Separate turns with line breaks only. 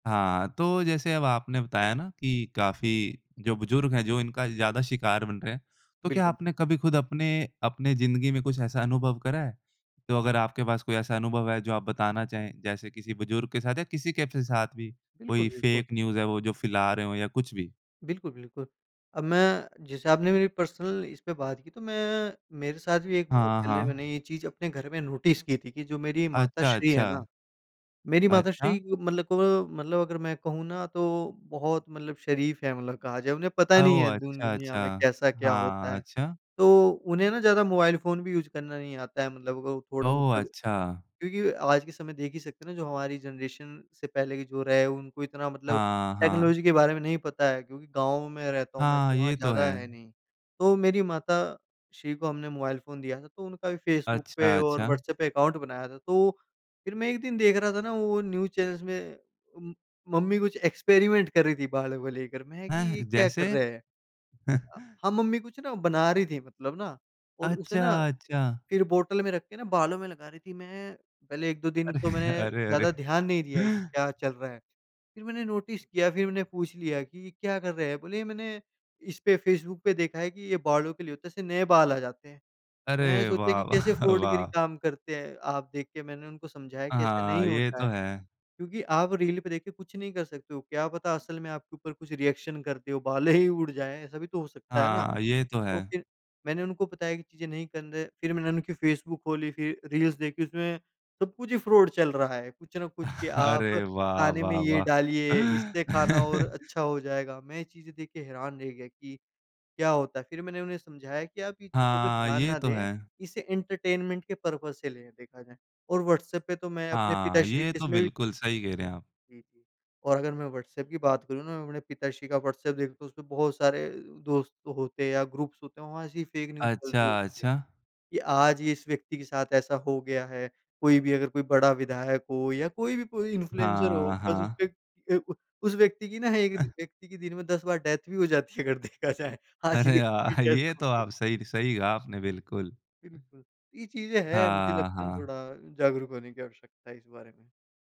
हाँ, तो जैसे अब आपने बताया ना कि काफ़ी जो बुजुर्ग हैं जो इनका ज़्यादा शिकार बन रहे हैं, तो क्या
बिल्कुल। बि
आपने कभी ख़ुद अपने अपने ज़िंदगी में कुछ ऐसा अनुभव करा है? तो अगर आपके पास कोई ऐसा अनुभव है जो आप बताना चाहें, जैसे किसी बुजुर्ग के साथ या किसी के फ साथ भी,
बिल्कुल,
कोई
बिल्कु
फेक न्यूज़ है वो जो फैला रहे हों या कुछ भी?
बिल्कुल, बिल्कुल। अब मैं जैसे आपने मेरी पर्सनल इस पे बात की तो मैं मेरे साथ भी एक बहुत
हाँ,
पहले मैंने
हाँ।
ये चीज़ अपने घर में नोटिस की थी कि जो मेरी
अच्छा,
माताश्री हैं ना
अच्छा।
मेरी माताश्री
अच्छा।
क मतलब को मतलब अगर मैं कहूँ ना तो बहुत मतलब शरीफ़ हैं मतलब कहा जाए, उन्हें पता नहीं है
ओह!
दुन
अच्छा,
दुनिया
अच्छा!
में कैसा क्या होता
हाँ।
है।
अच्छा
तो उन्हें ना ज़्यादा मोबाइल फ़ोन भी यूज़ करना नहीं आता है मतलब वो थोड़ा
ओह!
मतलब
अच्छा।
क्योंकि आज के समय देख ही सकते हैं ना, जो हमारी जनरेशन से पहले के जो रहे उनको इतना मतलब
हाँ, हाँ।
टेक्नोलॉजी के बारे में नहीं पता है क्योंकि गाँव में रहता हूँ मैं,
हाँ,
तो वहाँ
ये तो
ज़्यादा है
है।
नहीं। तो मेरी माता श्री को हमने मोबाइल फ़ोन दिया था तो उनका भी फेसबुक पे
अच्छा,
और
अच्छा।
व्हाट्सएप पे अकाउंट बनाया था, तो फिर मैं 1 दिन देख रहा था ना वो न्यूज चैनल्स में उम, मम्मी कुछ एक्सपेरिमेंट कर रही थी बालों को लेकर। मैं कि
हैं,
ये क्या कर
जैसे?
रहे हैं? अ, हाँ, मम्मी कुछ ना बना रही थी मतलब ना और उसे
अच्छा,
ना
अच्छा।
फिर बॉटल में रख के ना बालों में लगा रही थी। मैं पहले 1-2 दिन तो
अरे,
मैं
अरे, अरे!
ज़्यादा ध्यान नहीं दिया कि क्या चल रहा है, फिर मैंने नोटिस किया, फिर मैंने पूछ लिया कि ये क्या कर रहे हैं? बोले मैंने इस पे फेसबुक पे देखा है कि ये बालों के लिए होता है, इससे नए बाल आ जाते हैं। मैं
अरे!
सोचा
वाह,
कि कैसे
वाह,
फ्रॉडगिरी
वाह!
काम करते हैं, आप देख के मैंने उनको समझाया कि ऐसा
हाँ,
नहीं
ये
होता है।
तो है।
क्योंकि आप रील पे देख के कुछ नहीं कर सकते हो, क्या पता असल में आपके ऊपर कुछ रिएक्शन करती हो, बालें ही उड़ जाएँ, ऐसा भी तो हो सकता है ना,
हाँ, ये तो
तो
है।
फिर मैंने उनको बताया कि चीज़ें नहीं कन रे फिर मैंने उनकी फेसबुक खोली, फिर रील्स देखी, उसमें सब-कुछ ही फ्रॉड चल रहा है, कुछ न कुछ कि
अरे!
आप
वाह,
खाने में
वाह,
ये
वाह!
डालिए इससे खाना और अच्छा हो जाएगा। मैं ये चीज़ें देख के हैरान रह गया कि क्या होता है, फिर मैंने उन्हें समझाया कि आप ये चीज़ों पे
हाँ,
ध्यान
ये
ना
तो
दें,
है।
इसे एंटरटेनमेंट के पर्पज से लें देखा जाए और व्हाट्सएप पे तो मैं अपने
हाँ,
पिताश्री
ये
केस
तो
में भी
बिल्कुल सही कह रहे हैं आप।
जी, जी। और अगर मैं व्हाट्सएप की बात करूँ ना, अपने पिताश्री का व्हाट्सएप देखूँ तो उसपे बहुत सारे अ, दोस्त होते या ग्रुप्स होते हैं वहाँ ऐसी फेक न्यूज चल रही
अच्छा,
होती है
अच्छा।
कि आज ये इस व्यक्ति के साथ ऐसा हो गया है, कोई भी अगर कोई बड़ा विधायक हो या कोई भी कोई इन्फ्लुएंसर हो
हाँ,
बस
हाँ।
उसपे ए उ उस व्यक्ति की ना एक
अ
दि व्यक्ति की दिन में 10 बार डेथ भी हो जाती है अगर देखा जाए, आज
अरे!
ये व्यक्ति की
आ
डेथ
ये
हो
तो
गई।
आप सही सही आपने बिल्कुल।
बिल्कुल। ये चीज़ें हैं मुझे
हाँ,
लगता है ना
हाँ।
थोड़ा जागरूक होने की आवश्यकता है इस बारे में।